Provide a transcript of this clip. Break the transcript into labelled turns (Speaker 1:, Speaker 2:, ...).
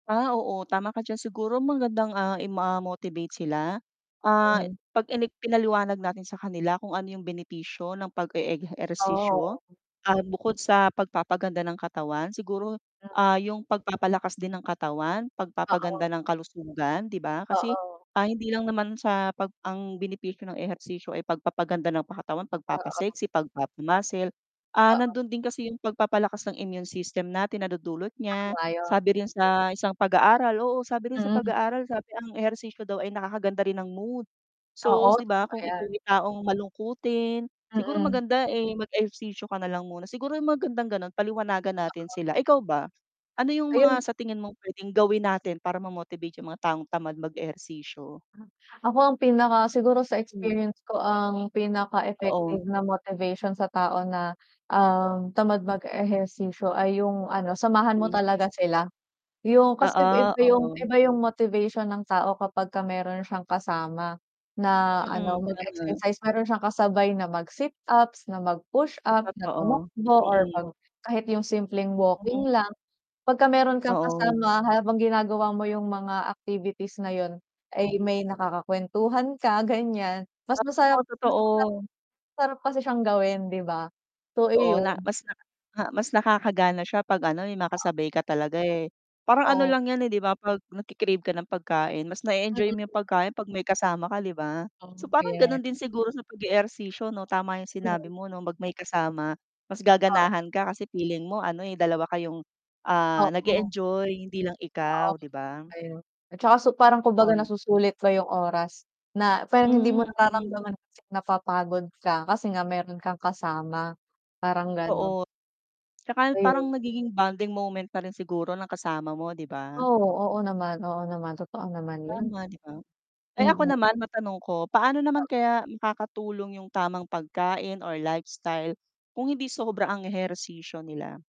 Speaker 1: Ah, oo tama ka diyan siguro magandang ah, i-motivate sila, ah,
Speaker 2: Hmm.
Speaker 1: 'pag inik pinaliwanag natin sa kanila kung ano 'yung benepisyo ng pag
Speaker 2: Oh, oo.
Speaker 1: e-ehersisyo, ah, bukod sa pagpapaganda ng katawan, siguro,
Speaker 2: [unintelligible]
Speaker 1: ah, yung pagpapalakas din ng katawan,
Speaker 2: Oo.
Speaker 1: pagpapaganda ng kalusugan 'di ba? Kasi,
Speaker 2: Oo.
Speaker 1: ah, hindi lang naman sa pag ang benepisyo ng ehersisyo ay pagpapaganda ng pa katawan, pag
Speaker 2: Oo.
Speaker 1: papa-sexy, pag papa-muscle, ah,
Speaker 2: Oo.
Speaker 1: nandun din kasi 'yung pagpapalakas ng immune system natin nadudulot niya,
Speaker 2: [unintelligible]
Speaker 1: sabi rin sa isang pag-aaral oo, sabi rin sa pag
Speaker 2: Hmm.
Speaker 1: aaral sabi ang ehersisyo daw ay nakakaganda rin ng mood. So
Speaker 2: Oo,
Speaker 1: 'di ba kung
Speaker 2: ayan.
Speaker 1: ikaw 'yung taong malungkutin, siguro
Speaker 2: Mm.
Speaker 1: maganda eh, mag ehersisyo ka nalang muna. Siguro, 'yung magandang gano'n paliwanagan natin sila. Ikaw ba? Ano 'yung
Speaker 2: Ayun.
Speaker 1: mga sa tingin mo p'wedeng gawin natin para ma-motivate 'yung mga taong tamad mag ehersisyo?
Speaker 2: Ako ang pinaka siguro sa
Speaker 1: Hmm.
Speaker 2: experience ko ang pinaka
Speaker 1: Oo.
Speaker 2: effective na motivation sa tao na, uhm, tamad mag ehersisyo ay 'yung ano samahan mo
Speaker 1: Mm.
Speaker 2: talaga sila. 'Yung kasi
Speaker 1: Oo,
Speaker 2: iba 'yung
Speaker 1: oo.
Speaker 2: iba 'yung motivation ng tao kapag meron siyang kasama, na ano
Speaker 1: Mm,
Speaker 2: mag
Speaker 1: tama.
Speaker 2: exercise, meron siyang kasabay na mag sit ups, na mag pushups, na
Speaker 1: Totoo,
Speaker 2: tumakbo or
Speaker 1: mm.
Speaker 2: 'pag kahit 'yung simpleng
Speaker 1: Mm.
Speaker 2: walking lang. Pag ka meron kang
Speaker 1: Oo.
Speaker 2: kasama habang ginagawa mo 'yung mga activities na 'yun, ay
Speaker 1: Mm.
Speaker 2: may nakakakwentuhan ka gan'yan, mas
Speaker 1: Oo,
Speaker 2: masarap mas
Speaker 1: totoo.
Speaker 2: masarap. Sarap kasi siyang gawin 'di ba? So,
Speaker 1: Oo na.
Speaker 2: iyon.
Speaker 1: Mas naka mas nakakagana siya 'pag ano, eh, may makasabay ka talaga eh. Parang ano
Speaker 2: Oh.
Speaker 1: lang 'yan eh 'di ba 'pag nagke-crave ka ng pagkain mas na-enjoy mo 'yung
Speaker 2: Mm.
Speaker 1: pagkain 'pag may kasama ka 'di ba? So, parang
Speaker 2: [unintelligible]
Speaker 1: gano'n din siguro sa pag-ehersisyo 'no, tama yung sinabi mo 'no 'pag may kasama, mas
Speaker 2: Oh.
Speaker 1: gaganahan ka kasi feeling mo ano eh, dalawa kayong, ah,
Speaker 2: Oo.
Speaker 1: nag-e-enjoy hindi lang
Speaker 2: Oo,
Speaker 1: ikaw 'di ba?
Speaker 2: ayun. At tsaka so parang kumbaga
Speaker 1: On
Speaker 2: nasusulit pa yung oras, na parang
Speaker 1: Hmm
Speaker 2: hindi mo
Speaker 1: [unintelligible]
Speaker 2: nararamdaman kasi napapagod ka, kasi nga meron kang kasama, parang gano'n.
Speaker 1: Totoo. Tsaka parang
Speaker 2: Ayun.
Speaker 1: nagiging bonding moment na rin siguro ng kasama mo 'di ba?
Speaker 2: Oo, oo naman, oo naman, totoo naman yun.
Speaker 1: Tama 'di ba? Ay ako
Speaker 2: Mm.
Speaker 1: naman matanong ko, paano naman kaya makakatulong yung tamang pagkain or lifestyle kung hindi sobra ang ehersisyo nila?